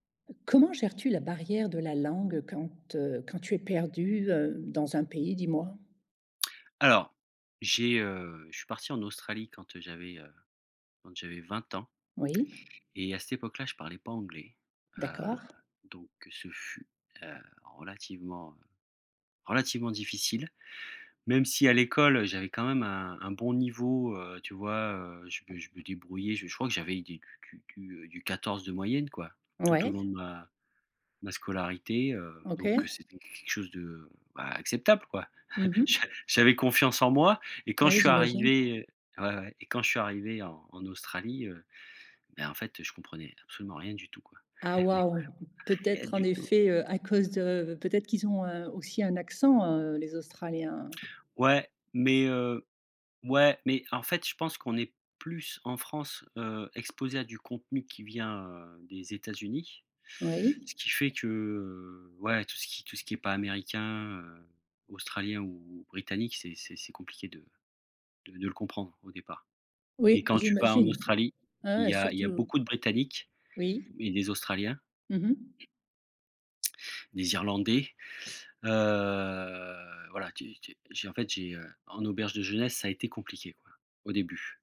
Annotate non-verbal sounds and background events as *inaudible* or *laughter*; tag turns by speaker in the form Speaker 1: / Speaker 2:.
Speaker 1: Comment gères-tu la barrière de la langue quand, heu, quand tu es perdu, heu, dans un pays, dis-moi?
Speaker 2: Alors, j'ai, heu, je suis parti en Australie quand, heu, j'avais, heu quand j'avais 20 ans.
Speaker 1: Oui.
Speaker 2: Et à cette époque là, je parlais pas anglais, heu,
Speaker 1: D'accord.
Speaker 2: donc ce fut, heu, relativement, heu, relativement difficile même si à l'école j'avais quand même un un bon niveau, heu, tu vois, heu, je me je me débrouillais, je je crois que j'avais des du du du, heu, du 14 de moyenne, quoi, tout au
Speaker 1: Ouais.
Speaker 2: long de ma ma scolarité, heu, donc
Speaker 1: OK.
Speaker 2: c'était q quelque chose de, bah, acceptable, quoi.
Speaker 1: Mmh
Speaker 2: *chuckles* J'a
Speaker 1: mh.
Speaker 2: j'avais confiance en moi et quand je
Speaker 1: Oui,
Speaker 2: suis
Speaker 1: j'imagine.
Speaker 2: arrivé ouais, ouais et quand je suis arrivé en en Australie, heu, ben, en fait, je comprenais absolument rien du tout, quoi,
Speaker 1: Ah
Speaker 2: *chuckles* mais
Speaker 1: waouh,
Speaker 2: vraiment rien
Speaker 1: peut-être en
Speaker 2: du tout.
Speaker 1: effet, heu, à cause de peut-être qu'ils ont, heu, aussi un accent, heu, les Australiens, hein?
Speaker 2: Ouais mais heu, ouais, mais en fait, je pense qu'on est plus en France, heu, exposé à du contenu qui vient, heu, des États-Unis,
Speaker 1: Oui?
Speaker 2: ce qui fait que, heu, ouais, tout ce qui tout ce qui est pas américain, heu, australien ou ou britannique, c'est c'est c'est compliqué de de de le comprendre au départ, et
Speaker 1: Oui,
Speaker 2: quand tu vas en
Speaker 1: j'imagine.
Speaker 2: Australie,
Speaker 1: Ah,
Speaker 2: il
Speaker 1: ouais,
Speaker 2: y a il y a
Speaker 1: surtout
Speaker 2: beaucoup de Britanniques
Speaker 1: oui?
Speaker 2: et des Australiens
Speaker 1: Mmh mh.
Speaker 2: des Irlandais, heu, voilà, tu es tu es j'ai en fait, j'ai, heu, en auberge de jeunesse ça a été compliqué, quoi, au début.